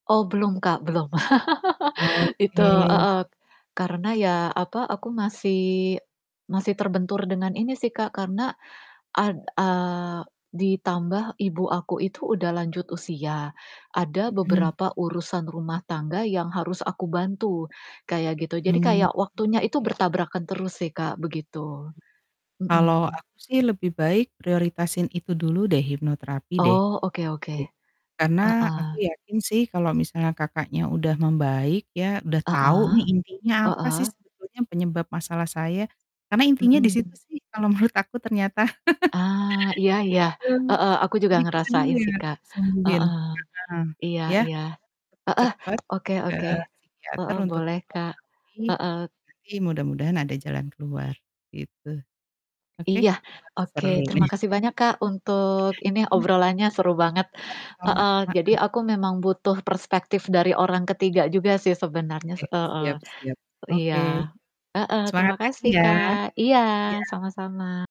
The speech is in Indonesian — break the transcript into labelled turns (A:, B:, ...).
A: Oh belum Kak, belum itu
B: Oke.
A: heeh, karena ya, apa, aku masih masih terbentur dengan ini sih Kak karena, ad eee, ditambah ibu aku itu udah lanjut usia, ada
B: Mhm.
A: beberapa urusan rumah tangga yang harus aku bantu, kayak gitu. Jadi
B: Mhm,
A: kayak waktunya itu
B: iya.
A: bertabrakan terus sih Kak begitu,
B: Kalau
A: mhm.
B: aku sih lebih baik prioritasin itu dulu deh hipnoterapi deh
A: Oh oke oke,
B: gitu. Karena aku
A: heeh.
B: yakin sih kalau misalnya Kakaknya udah membaik ya udah tau
A: Heeh,
B: nih intinya apa sih
A: heeh.
B: sebetulnya penyebab masalah saya, karena intinya di situ
A: Mhm.
B: sih kalau menurut aku ternyata,
A: Ah, iya iya,
B: gitu.
A: heeh, aku juga
B: Jadi itu dulu
A: ngerasain
B: yang
A: sih,
B: harus
A: Kak.
B: disembuhin
A: Heeh,
B: heeh.
A: iya
B: ya,
A: iya, heeh,
B: cepet-cepet,
A: oke
B: ke
A: oke.
B: psikiater
A: Heeh,
B: untuk
A: boleh, Kak.
B: hipnoterapi,
A: Heeh.
B: nanti mudah-mudahan ada jalan keluar, gitu, oke,
A: Iya,
B: wah
A: oke
B: seru nih.
A: terima kasih banyak Kak untuk ini,
B: Iya.
A: obrolannya seru banget,
B: Sama-sama,
A: heeh, jadi
B: heeh.
A: aku memang butuh perspektif dari orang ketiga juga sih sebenernya,
B: Oke,
A: heeh,
B: siap siap,
A: iya.
B: oke,
A: Heeh
B: semangat
A: terima
B: lagi
A: kasih
B: ya,
A: Kak, iya,
B: iya.
A: sama-sama.